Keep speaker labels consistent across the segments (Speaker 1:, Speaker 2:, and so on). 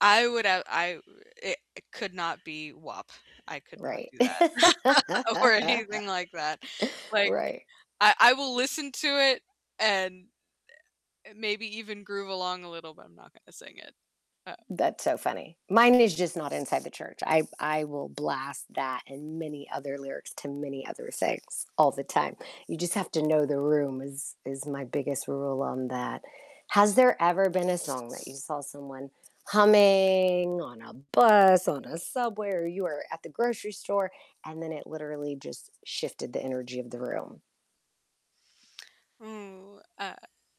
Speaker 1: I would have I wo it it could not be WAP, I could not
Speaker 2: Right,
Speaker 1: do that, or anything like that. Like,
Speaker 2: right.
Speaker 1: I I will listen to it and, eh, maybe even groove along a little, but I'm not gonna sing it, um
Speaker 2: That's so funny, mine is just not inside the church. I I will blast that, and many other lyrics to many other things all the time, you just have to know the room is is my biggest rule on that. Has there ever been a song that you saw someone humming on a bus, on a subway, or you were at the grocery store, and then it literally just shifted the energy of the room?
Speaker 1: Ooh, uh,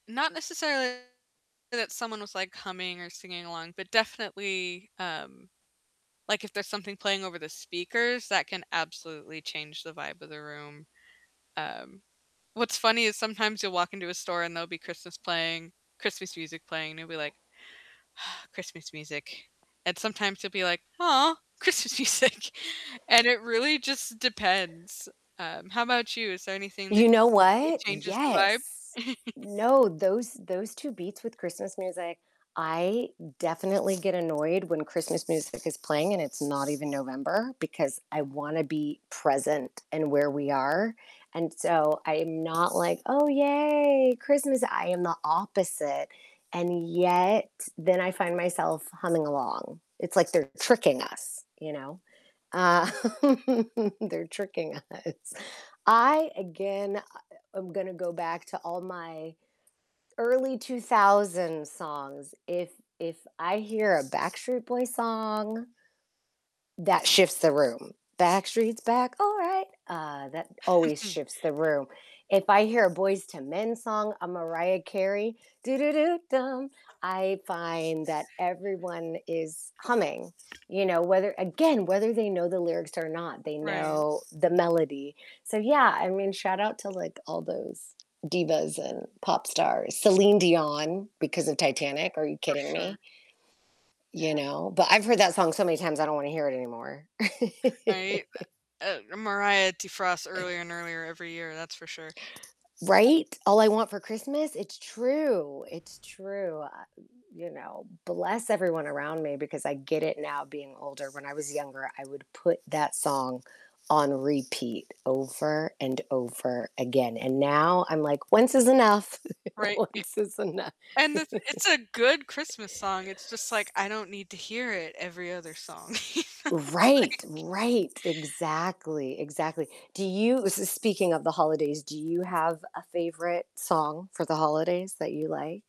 Speaker 1: not necessarily that someone was, like, humming, or singing along, but definitely, um, like, if there's something playing over the speakers, that can absolutely change the vibe of the room. Um, what's funny is sometimes you'll walk into a store and there'll be Christmas playing Christmas music playing, and you'll be like, "Christmas music," and sometimes you'll be like, "Aw, Christmas music," and it really just depends. Um, how about you? Is there anything that
Speaker 2: You know
Speaker 1: instantly
Speaker 2: what,
Speaker 1: changes the vibe?
Speaker 2: yes, no, those those 2 beats with Christmas music, I definitely get annoyed when Christmas music is playing, and it's not even November, because I wanna be present in where we are, and, so, I'm not like, "Oh, yay, Christmas," I am the opposite, and yet, then I find myself humming along, it's like they're tricking us, you know, uh, they're tricking us. I again I um, I'm gonna go back to all my early 2000s songs. If if I hear a Backstreet Boys song that shifts the room. "Backstreet's back, all right." Uh, that always shifts the room, if I hear a Boyz II Men song, a Mariah Carey, "do, do, do, dum," I find that everyone is humming, you know, whether, again, whether they know the lyrics or not, they
Speaker 1: Right.
Speaker 2: know the melody, so, yeah, I mean, shout out to, like, all those divas and pop stars, Celine Dion, because of Titanic, are you
Speaker 1: For
Speaker 2: kidding
Speaker 1: sure.
Speaker 2: me.
Speaker 1: Yeah.
Speaker 2: You know, but I've heard that song so many times, I don't wanna hear it anymore.
Speaker 1: Right, eh uh, Mariah defrosts earlier and earlier every year, that's for sure.
Speaker 2: Right, all I want for Christmas it's true it's true, wel I you know, bless everyone around me, because I get it now being older. When I was younger, I would put that song on repeat over, and over again, and now I'm like, "Once is enough,
Speaker 1: Right
Speaker 2: once is enough."
Speaker 1: i and the th it's a good Christmas song. It's just like I don't need to hear it every other song, you know,
Speaker 2: Right,
Speaker 1: like
Speaker 2: right, exactly, exactly, do you s s speaking of the holidays, do you have a favorite song for the holidays that you like?